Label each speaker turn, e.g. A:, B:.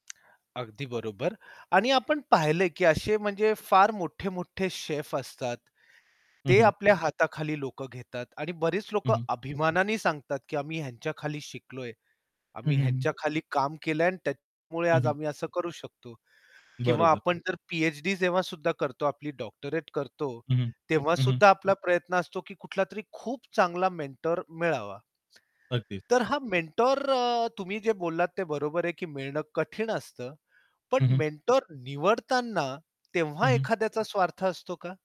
A: अगदी बरोबर आणि आपण पाहिलं, की असे म्हणजे फार मोठे-मोठे शेफ असतात.
B: हं,
A: ते
B: हं.
A: आपल्या हाताखाली लोकं घेतात आणि बरेच
B: हं,
A: लोकं
B: हं.
A: अभिमानाने सांगतात, की "आम्ही ह्यांच्या खाली शिकलोय,
B: हं,
A: आम्ही
B: हं, हं.
A: ह्यांच्या खाली काम केलं आहे आणि त्याच्यामुळे
B: हं,
A: आज
B: हं.
A: आम्ही असं करू शकतो." किंवा
B: बरोबर.
A: आपण जर पी-एच-डी जेव्हा सुद्धा करतो आपली डॉक्टरेट करतो,
B: हं, हं.
A: तेव्हा
B: हं, हं.
A: सुद्धा आपला प्रयत्न असतो, की कुठला तरी खूप चांगला मेंटर मिळावा.
B: अगदीच.
A: तर हा मेंटर तुम्ही जे बोललात ते बरोबर आहे, की मिळणं कठीण असतं. पण
B: हं, हं.
A: मेंटर निवडताना
B: हं,
A: तेव्हा
B: हं.
A: एखाद्याचा स्वार्थ असतो का?